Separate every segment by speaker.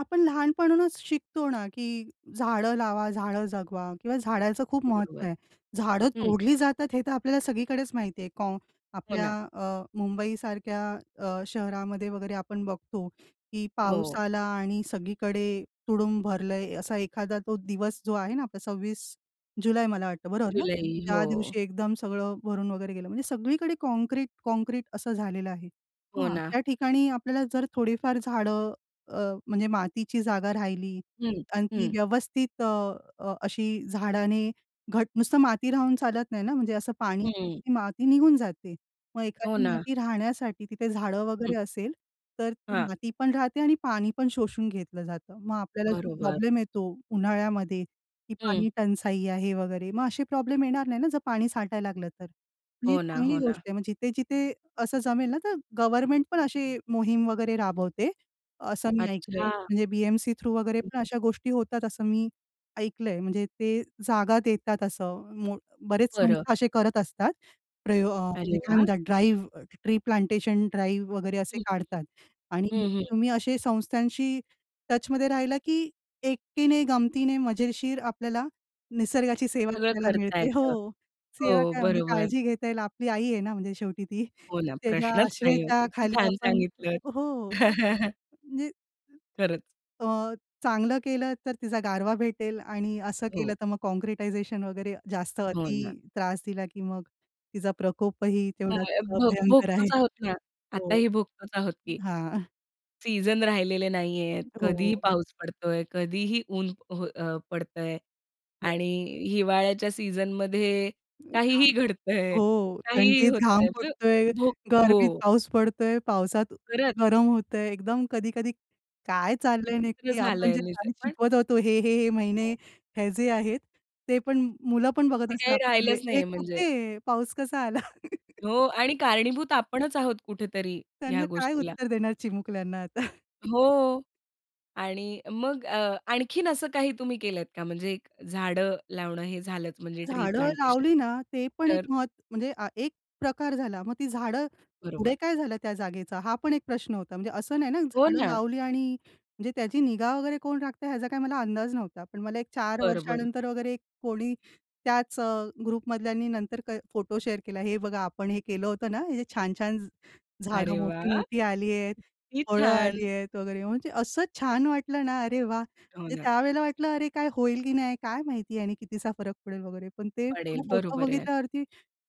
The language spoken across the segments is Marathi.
Speaker 1: आपण लहानपणानच शिकतो ना, की "झाडं लावा, झाडं जगवा" किंवा झाडाचं खूप महत्त्व
Speaker 2: बरोबर.
Speaker 1: आहे. झाडं
Speaker 2: हं.
Speaker 1: तोडली जातात हे तर आपल्याला सगळीकडेच माहिती आहे. कॉ
Speaker 2: हो
Speaker 1: आपल्या
Speaker 2: ना.
Speaker 1: अ, मुंबईसारख्या अ, शहरामध्ये वगैरे आपण बघतो, की पाऊस
Speaker 2: हो.
Speaker 1: आला आणि सगळीकडे तुडुंब भरलंय, असा एखादा तो दिवस जो आहे ना आपला 26 जुलै मला वाटतं, बरोबर ना?
Speaker 2: जुलै, हो.
Speaker 1: त्या दिवशी एकदम सगळं भरून वगैरे गेलं. म्हणजे सगळीकडे काँक्रीट-काँक्रीट असं झालेलं आहे.
Speaker 2: हो
Speaker 1: मग
Speaker 2: ना.
Speaker 1: अशा ठिकाणी आपल्याला जर थोडीफार झाडं अ, म्हणजे अ, मातीची जागा राहिली
Speaker 2: हं,
Speaker 1: आणि ती
Speaker 2: हं.
Speaker 1: व्यवस्थित अ, अ, अशी झाडांनी घट्ट नुसतं माती राहून चालत नाही ना, म्हणजे असं पाणी
Speaker 2: हं.
Speaker 1: ती माती निघून जाते. मग
Speaker 2: हो
Speaker 1: एखादी
Speaker 2: ना.
Speaker 1: माती राहण्यासाठी तिथे झाडं
Speaker 2: हं.
Speaker 1: वगैरे असतील, तर ती
Speaker 2: हां.
Speaker 1: माती पण राहते आणि पाणी पण शोषून घेतलं जातं. मग आपल्याला जो
Speaker 2: बरोबर.
Speaker 1: प्रॉब्लेम येतो उन्हाळ्यामध्ये, ती
Speaker 2: हं.
Speaker 1: पाणीटंचाई आहे वगैरे, मग असे प्रॉब्लेम येणार नाहीत ना? जर पाणी साठायला लागलं तर. ही
Speaker 2: हो ना, हो
Speaker 1: चांगली
Speaker 2: ना.
Speaker 1: गोष्ट आहे. मग जिथे-जिथे असं जमेल ना, तर गव्हर्नमेंट पण अशी मोहीम वगैरे राबवते, असं मी ऐकलंय,
Speaker 2: अच्छा.
Speaker 1: म्हणजे बी-एम-सी थ्रू वगैरे पण
Speaker 2: [unintelligible]
Speaker 1: अशा गोष्टी होतात असं मी ऐकलंय. म्हणजे ते जागा देतात असं. मो बरेच
Speaker 2: बरं.
Speaker 1: संस्था असे करत असतात, प्रयो अ,
Speaker 2: अरे
Speaker 1: म्हणजे काय
Speaker 2: वाह!
Speaker 1: म्हणतात ड्राईव्ह, ट्री प्लांटेशन ड्राईव्ह वगैरे असे
Speaker 2: [unintelligible]
Speaker 1: काढतात आणि
Speaker 2: हं, हं.
Speaker 1: तुम्ही अशा संस्थांशी टचमध्ये राहिला की एकटीने गमतीने मजेशीर आपल्याला निसर्गाची सेवा
Speaker 2: सगळं
Speaker 1: करायला
Speaker 2: करता
Speaker 1: मिळते
Speaker 2: येतं.
Speaker 1: हो,
Speaker 2: हो,
Speaker 1: सेवा काय म्हणजे
Speaker 2: बरोबर.
Speaker 1: काळजी घेता येईल. आपली आई आहे ना म्हणजे शेवटी ती.
Speaker 2: हो ना.
Speaker 1: तिच्या
Speaker 2: प्रश्नच नाही आहे. किती
Speaker 1: आश्रयाखाली
Speaker 2: छान
Speaker 1: आपण
Speaker 2: सांगितलंत.
Speaker 1: हो, म्हणजे
Speaker 2: खरंच!
Speaker 1: अ, चांगलं केलं तर तिचा गारवा भेटेल आणि असं केलं
Speaker 2: हो.
Speaker 1: तर मग काँक्रिटायझेशन वगैरे जास्त,
Speaker 2: हो
Speaker 1: अति
Speaker 2: ना.
Speaker 1: त्रास दिला की मग तिचा प्रकोपही तेवढाच
Speaker 2: [unintelligible] भो
Speaker 1: भयंकर आहे.
Speaker 2: भोगतोच आहोत ना.
Speaker 1: हो,
Speaker 2: आताही भोगतोच आहोत की.
Speaker 1: हां.
Speaker 2: सीझन राहिलेले नाहीयेत. कधीही
Speaker 1: हो.
Speaker 2: पाऊस पडतोय, कधीही ऊन हो, अ, पडतंय
Speaker 1: केलं.
Speaker 2: आणि हिवाळ्याच्या सीझनमध्ये
Speaker 1: घाम.
Speaker 2: काहीही घडतंय,
Speaker 1: हो,
Speaker 2: काहीही
Speaker 1: थंडीत घाम
Speaker 2: होतंय.
Speaker 1: फुटतोय,
Speaker 2: भो
Speaker 1: गरमीत
Speaker 2: हो.
Speaker 1: पाऊस पडतोय, पावसात अ,
Speaker 2: खरंच.
Speaker 1: गरम होतंय, एकदम कधी-कधी काय चाललंय
Speaker 2: विचित्र
Speaker 1: नक्की आपण जे
Speaker 2: झालंय [unintelligible] च
Speaker 1: काही
Speaker 2: पण.
Speaker 1: शिकवत होतो हे-हे-हे महिने
Speaker 2: हो.
Speaker 1: हे जे आहेत, ते पण मुलं पण बघत
Speaker 2: ते
Speaker 1: असतील
Speaker 2: काही राहिलंच
Speaker 1: आपल्याकडे, ए
Speaker 2: नाहीये म्हणजे.
Speaker 1: कुठेय? पाऊस कसा आला?
Speaker 2: हो आणि कारणीभूत आपणच आहोत कुठेतरी, ह्या
Speaker 1: त्यांना काय
Speaker 2: गोष्टीला.
Speaker 1: उत्तर देणार चिमुकल्यांना आता?
Speaker 2: हो आणि मग अ, आणखीन असं काही तुम्ही केलत का म्हणजे झाडं लावणं हे झालंच म्हणजे ट्री
Speaker 1: झाडं
Speaker 2: प्लांटेशन?
Speaker 1: लावली ना, ते पण एक
Speaker 2: तर
Speaker 1: महत्त्वाचा म्हणजे हा एक प्रकार झाला. मग ती झाडं,
Speaker 2: बरोबर.
Speaker 1: पुढे काय झालं त्या जागेचं? हा पण एक प्रश्न होता. म्हणजे असं नाही ना,
Speaker 2: हो
Speaker 1: झाडं
Speaker 2: ना.
Speaker 1: लावली आणि म्हणजे त्याची निगा वगैरे कोण राखतंय ह्याचा काही मला अंदाज नव्हता. पण मला एक 4
Speaker 2: बरं, बरं.
Speaker 1: वर्षानंतर वगैरे कोणी त्याच अ, ग्रुप मधल्यांनी नंतर क फोटो शेअर केला, हे बघा आपण हे केलं होतं ना, इथे छान-छान झ झाडं
Speaker 2: अरे वाह!
Speaker 1: मोठी-मोठी आलीये,
Speaker 2: किती
Speaker 1: फळं
Speaker 2: छान.
Speaker 1: आलीयेत वगैरे, म्हणजे असं छान वाटलं ना, अरे वाह!
Speaker 2: हो
Speaker 1: म्हणजे
Speaker 2: ना.
Speaker 1: त्या वेळेला वाटलं, अरे काय होईल की नाही काय माहिती आणि किती सा फरक पडेल वगैरे. पण ते
Speaker 2: पडेल,
Speaker 1: तो फोटो
Speaker 2: बरोबर आहे.
Speaker 1: बघितल्यावरती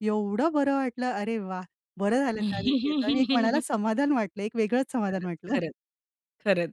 Speaker 1: एवढं बरं वाटलं. अरे वाह! बरं झालं त्या दिवशी [unintelligible] आणि एक मनाला समाधान वाटलं, एक वेगळंच समाधान
Speaker 2: खरंच,
Speaker 1: वाटलं.
Speaker 2: खरंच, खरंच.